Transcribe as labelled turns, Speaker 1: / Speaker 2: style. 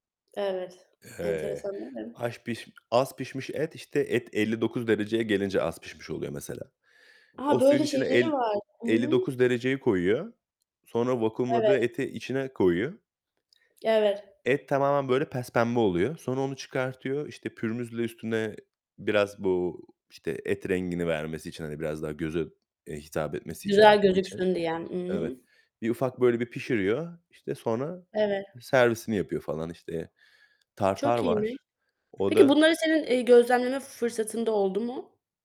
Speaker 1: Evet,
Speaker 2: Eee,
Speaker 1: enteresan değil mi?
Speaker 2: aş piş az pişmiş et, işte, et 59 dereceye gelince az pişmiş oluyor mesela.
Speaker 1: Aha,
Speaker 2: O suyun
Speaker 1: böyle
Speaker 2: içine
Speaker 1: şeyleri
Speaker 2: el
Speaker 1: var. I
Speaker 2: elli
Speaker 1: hı.
Speaker 2: dokuz dereceyi koyuyor. Sonra vakumladığı
Speaker 1: Evet.
Speaker 2: eti içine koyuyor
Speaker 1: Ya, evet.
Speaker 2: et tamamen, böyle, pespembe oluyor. Sonra onu çıkartıyor. İşte, pürmüzle üstüne biraz bu, işte, et rengini vermesi için, hani, biraz daha göze, eee, hitap etmesi içer
Speaker 1: "Güzel
Speaker 2: için.
Speaker 1: gözüksün" diye. I
Speaker 2: Evet.
Speaker 1: hı.
Speaker 2: Bir ufak böyle bir pişiriyor. İşte, sonra, ııı,
Speaker 1: Evet.
Speaker 2: servisini yapıyor falan, işte. Tartar
Speaker 1: Çok iyiymiş.
Speaker 2: var. O
Speaker 1: Peki
Speaker 2: da
Speaker 1: bunları senin, eee, gözlemleme fı fırsatın da oldu mu?